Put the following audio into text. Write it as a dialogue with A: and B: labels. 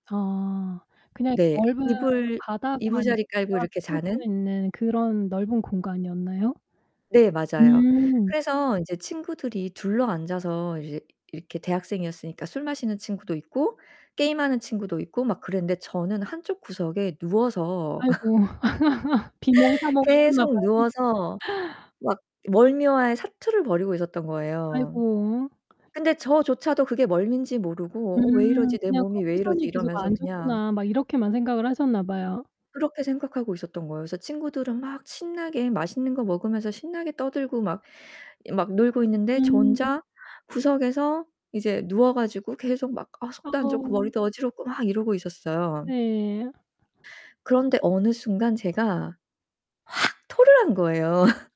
A: 아, 그냥 이
B: 네.
A: 넓은 그
B: 이불
A: 바닥만 이렇게
B: 이부자리 깔고
A: 쫙
B: 이렇게
A: 펴져
B: 자는?
A: 있는 그런 넓은 공간이었나요?
B: 네, 맞아요.
A: 음.
B: 그래서 이제 친구들이 둘러앉아서 이제 이렇게 대학생이었으니까 술 마시는 친구도 있고 게임하는 친구도 있고 막 그랬는데 저는 한쪽 구석에 누워서
A: 아이고. 비몽사몽
B: 계속
A: 하셨나봐요.
B: 누워서 막 멀미와의 사투를 벌이고 있었던 거예요.
A: 아이고.
B: 근데 저조차도 그게 멀미인지 모르고 '어 왜
A: 음
B: 이러지? 내
A: 그냥
B: 몸이 왜 이러지?'
A: '컨디션이 계속
B: 이러면서
A: 안
B: 그냥
A: 좋구나.' 막 이렇게만 생각을 하셨나 봐요.
B: 그렇게 생각하고 있었던 거예요. 그래서 친구들은 막 신나게 맛있는 거 먹으면서 신나게 떠들고 막 이 막 놀고 있는데 저
A: 음.
B: 혼자 구석에서 이제 누워 가지고 계속 막 아 속도 안 좋고
A: 어.
B: 머리도 어지럽고 막 이러고 있었어요.
A: 네.
B: 그런데 어느 순간 제가 확 토를 한 거예요.